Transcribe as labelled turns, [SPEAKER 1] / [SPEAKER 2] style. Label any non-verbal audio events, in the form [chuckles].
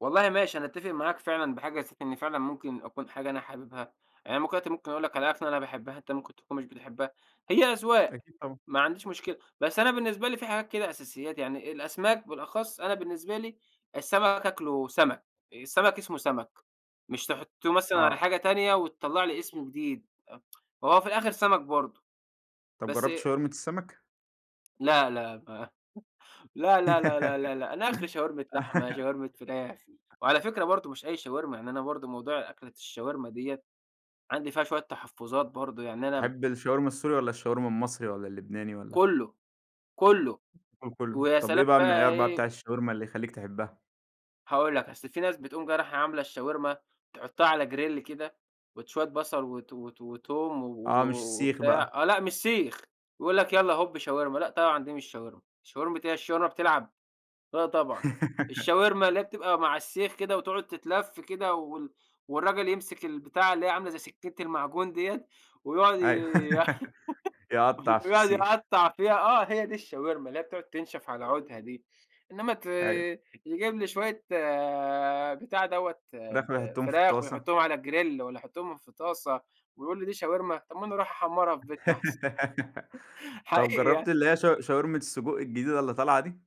[SPEAKER 1] والله ماشي أنا أتفق معاك فعلًا بحاجة نسيت إني فعلًا ممكن أكون حاجة أنا حاببها، يعني أنا ممكن دلوقتي ممكن أقول لَك علي أكلة أنا باحبها أنتَ ممكن تكون مش بتحبها، هي أذواق
[SPEAKER 2] أكيد طبعًا.
[SPEAKER 1] ما عنديش مشكلة. بس أنا بالنسبة لي في حاجات كده أساسيات يعني الأسماك بالأخص أنا بالنسبة لي السَمك آكله سَمك. السَمك اسمه سَمك، مش تحطّوه مثلًا على
[SPEAKER 2] آه.
[SPEAKER 1] حاجة تانية وتطلَّع لي اسم جديد آآ [tsk] هو في الآخر سَمك برضه.
[SPEAKER 2] طَب
[SPEAKER 1] بَس
[SPEAKER 2] جرَّبت شاورما السَمك؟
[SPEAKER 1] لا لا ما [chuckles] لا لا لا لا لا لأ، أنا آخري شاورما لحمة،
[SPEAKER 2] [laughs]
[SPEAKER 1] شاورما فراخ، وعلى فكرة برضه مش أي شاورما يعني أنا برضه موضوع أكلة الشاورما دِيَّة، عندي فيها شوية تحفظات برضه يعني أنا
[SPEAKER 2] تحب الشاورما السوري والّا الشاورما المصري والّا اللبناني؟ والَّا
[SPEAKER 1] كلّه، كلّه
[SPEAKER 2] كلّه.
[SPEAKER 1] ويا
[SPEAKER 2] طَب إيه
[SPEAKER 1] سلام
[SPEAKER 2] بقى
[SPEAKER 1] بقي
[SPEAKER 2] المعيار بقى بتاع
[SPEAKER 1] إيه
[SPEAKER 2] الشاورما اللي يخلّيك تحبها؟
[SPEAKER 1] هاقول لَك اصل في ناس بتقوم جاية رايحة عاملة الشاورما تحطها على grill كده وت شوية بصل وت وت وتوم و-و
[SPEAKER 2] آه مش السيخ
[SPEAKER 1] وبتاع،
[SPEAKER 2] بقى.
[SPEAKER 1] آه لأ مش سيخ يقول لَك يلّا هوب شاورما لأ، طبعًا دي مش شاورما، شاورما إيه هي الشاورما بتلعب؟ لأ، طبعًا الشاورما
[SPEAKER 2] [laughs]
[SPEAKER 1] اللي هي بتبقى م علي السيخ كده وتقعد تتلف كده وال والراجل يمسك البتاعة اللي هي عاملة زي سكينة المعجون ديَّة ويقعد ي
[SPEAKER 2] أيوَه
[SPEAKER 1] ي
[SPEAKER 2] [laughs] يقطّع
[SPEAKER 1] [laughs]
[SPEAKER 2] في
[SPEAKER 1] ويقعد
[SPEAKER 2] السيخ.
[SPEAKER 1] يقطّع فيها آه هي دي الشاورما، اللي هي بتقعد تنشف على عودها دي. إنّما ت
[SPEAKER 2] أيوَه.
[SPEAKER 1] يجيب لي شوية بتاع دوّة
[SPEAKER 2] فراخ
[SPEAKER 1] ال
[SPEAKER 2] ويحطّوهم في
[SPEAKER 1] فراخ
[SPEAKER 2] الطاسة.
[SPEAKER 1] ويحطّهم على grill والّا يحطّهم في طاسة، ويقول لي: "دي شاورما" طَب ما أنا اروح أحمّرها في بيتنا أحسن
[SPEAKER 2] [laughs]
[SPEAKER 1] [chuckles]
[SPEAKER 2] طَب
[SPEAKER 1] حقيقي
[SPEAKER 2] جرّبت
[SPEAKER 1] يعني.
[SPEAKER 2] اللي هي شاو شاورما السجق الجديدة اللي طالعة دي؟